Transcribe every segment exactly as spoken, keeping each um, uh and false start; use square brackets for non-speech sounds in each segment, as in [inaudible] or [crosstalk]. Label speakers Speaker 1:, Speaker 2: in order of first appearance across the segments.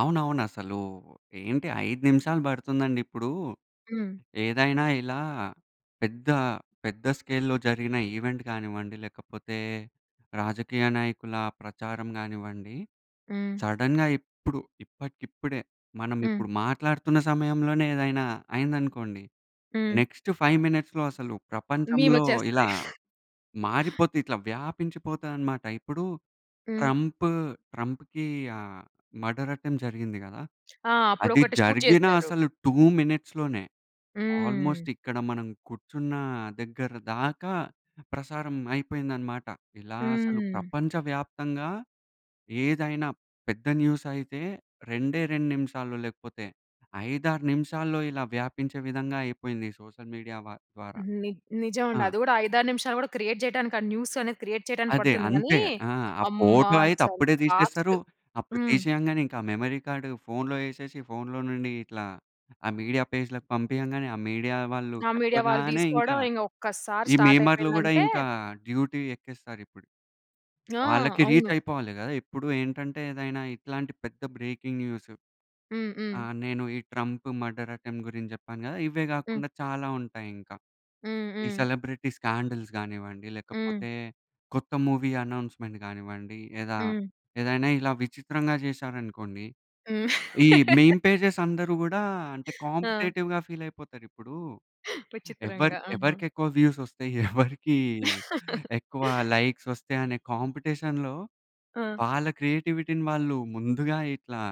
Speaker 1: అవునవును. అసలు ఏంటి ఐదు నిమిషాలు పడుతుందండి, ఇప్పుడు
Speaker 2: హ్మ్.
Speaker 1: ఏదైనా ఇలా పెద్ద, పెద్ద స్కేల్‌లో జరిగిన ఈవెంట్ కానివ్వండి, లేకపోతే రాజకీయ నాయకుల ప్రచారం కానివ్వండి
Speaker 2: హ్మ్.
Speaker 1: సడెన్‌గా ఇప్పుడు, ఇప్పటికిప్పుడే మనం
Speaker 2: హ్మ్.
Speaker 1: ఇప్పుడు మాట్లాడుతున్న సమయంలోనే ఏదైనా అయిందనుకోండి
Speaker 2: హ్మ్.
Speaker 1: నెక్స్ట్ ఫైవ్ మినిట్స్‌లో అసలు
Speaker 2: మీమ్
Speaker 1: ప్రపంచంలో ఇలా
Speaker 2: వచ్చేస్తది.
Speaker 1: మారిపోతాయి ఇట్లా వ్యాపించిపోతాయనమాట. ఇప్పుడు
Speaker 2: హ్మ్.
Speaker 1: ట్రంప్ ట్రంప్‌కి ఆహ్, మర్డర్ అటెంప్ట్ జరిగింది గదా!
Speaker 2: ఆ! అప్పుడు
Speaker 1: అది
Speaker 2: ఒకటి షూట్
Speaker 1: జరిగిన
Speaker 2: చేసారు.
Speaker 1: అసలు టూ మినిట్స్‌లోనే
Speaker 2: హ్మ్.
Speaker 1: ఆల్మోస్ట్ ఇక్కడ మనం కూర్చున్న దగ్గర దాకా ప్రసారం అయిపోయిందనమాట. ఇలా అసలు
Speaker 2: హ్మ్.
Speaker 1: ప్రపంచ వ్యాప్తంగా ఏదైనా పెద్ద న్యూస్ అయితే రెండే, రెండు నిమిషాల్లో లేకపోతే ఐదు ఆరు నిమిషాల్లో ఇలా వ్యాపించే విధంగా అయిపోయింది సోషల్ మీడియా వా ద్వార.
Speaker 2: ని
Speaker 1: ఆ!
Speaker 2: నిజమండి. అది కూడా ఐదు ఆరు నిమిషాలు కూడా క్రియేట్ చేయడానికి ఆ న్యూసనేది క్రియేట్ చేయడానికి
Speaker 1: అదే.
Speaker 2: పడుతుంది గానీ.
Speaker 1: అంతే ఆ! ఆ
Speaker 2: అమ్మ!
Speaker 1: ఫోటో అయితే
Speaker 2: అసలు
Speaker 1: అప్పుడే తీసేస్తారు.
Speaker 2: ఫాస్ట్.
Speaker 1: అప్పుడు
Speaker 2: హ్మ్.
Speaker 1: తీసేయంగానే ఇంకా ఆ మెమరీ కార్డు ఫోన్‌లో ఏసేసి, ఫోన్‌లో నుండి ఇట్లా ఆ మీడియా పేజ్‌లకి పంపియ్యంగానే ఆ మీడియా వాళ్ళు
Speaker 2: ఆ! మీడియా వాళ్ళు
Speaker 1: చెప్పగానే ఇంకా
Speaker 2: తీసుకోవడం ఇంక ఒక్కసారి
Speaker 1: ఈ
Speaker 2: స్టార్ట్
Speaker 1: మీమర్‌లు కూడా
Speaker 2: అయిపోయిందంటే
Speaker 1: ఇంకా డ్యూటీ ఎక్కేస్తారిప్పుడు.
Speaker 2: ఆ!
Speaker 1: వాళ్ళకి రీచ్
Speaker 2: అవును.
Speaker 1: అయిపోవాలి గద. ఎప్పుడు ఏంటంటే ఏదైనా ఇట్లాంటి పెద్ద బ్రేకింగ్ న్యూస్.
Speaker 2: హ్మ్.
Speaker 1: ఆ!
Speaker 2: హ్మ్.
Speaker 1: నేను ఈ ట్రంప్ మర్డర్ అటెంప్ట్ గురించి చెప్పాను గద. ఇవే
Speaker 2: హ్మ్.
Speaker 1: కాకుండా చాలా ఉంటాయి ఇంకా.
Speaker 2: హ్మ్.
Speaker 1: ఈ
Speaker 2: హ్మ్.
Speaker 1: సెలబ్రిటీ స్కాండల్స్ కానివ్వండి
Speaker 2: హ్మ్.
Speaker 1: లేకపోతే, కొత్త మూవీ అనౌన్స్‌మెంట్ కానివ్వండి లేదా,
Speaker 2: హ్మ్.
Speaker 1: ఏదైనా ఇలా విచిత్రంగా చేశారనుకోండి.
Speaker 2: హ్మ్.
Speaker 1: ఈ మిమ్
Speaker 2: [laughs]
Speaker 1: పేజెస్ అందరూ కూడా అంటే
Speaker 2: ఆ!
Speaker 1: కాంపిటీటివ్‌గా ఫీల్ అయిపోతారు. ఇప్పుడు ఎవరి
Speaker 2: విచిత్రంగా. ఆ!
Speaker 1: ఎవరికెక్కువ వ్యూస్ వస్తాయి? [chuckles] ఎవరికీ
Speaker 2: [laughs]
Speaker 1: ఎక్కువ లైక్స్ ఒస్తయి? అనే కాంపిటీషన్‌లో
Speaker 2: ఆ!
Speaker 1: వాళ్ళ క్రియేటివిటీని వాళ్ళు ముందుగా ఇట్లా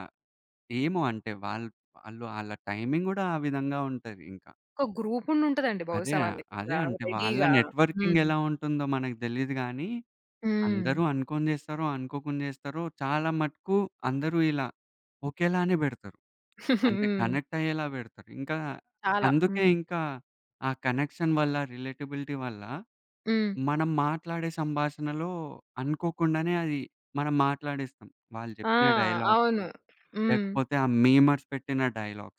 Speaker 1: ఏమో అంటే వాళ్ళు ఆళ్ళ టైమింగ్ కూడా ఆ విధంగా ఉంటది ఇంక.
Speaker 2: ఒక గ్రూపుండుంటదండి.
Speaker 1: అదే
Speaker 2: బహుశా వాళ్ళ
Speaker 1: ఆహ్, అదే.
Speaker 2: దగ్గర
Speaker 1: అంటే వాళ్ళ
Speaker 2: రెడీగా.
Speaker 1: నెట్‌వర్కింగ్
Speaker 2: హ్మ్.
Speaker 1: ఎలా ఉంటుందో మనకు తెలీదు గానీ. అందరూ
Speaker 2: హ్మ్.
Speaker 1: అనుకోని చేస్తారో, అనుకోకుండా చేస్తారో చాలా మటుకు అందరూ ఇలా ఒకేలానే పెడతారు.
Speaker 2: [giggles]
Speaker 1: అంటే
Speaker 2: హ్మ్.
Speaker 1: కనెక్ట్ అయ్యేలా పెడతారు. ఇంక,
Speaker 2: చాలా.
Speaker 1: అందుకే
Speaker 2: హ్మ్.
Speaker 1: ఇంకా ఆ కనెక్షన్ వల్ల రిలేటబిలిటీ వల్ల
Speaker 2: హ్మ్.
Speaker 1: మనం మాట్లాడే సంభాషణలో అనుకోకుండానే, అది మనం మాట్లాడేస్తాం. వాళ్ళు
Speaker 2: ఆ!
Speaker 1: చెప్పిన డైలాగ్సు,
Speaker 2: అవును. హ్మ్.
Speaker 1: లేకపోతే ఆ మీమర్స్ పెట్టిన డైలాగ్స్.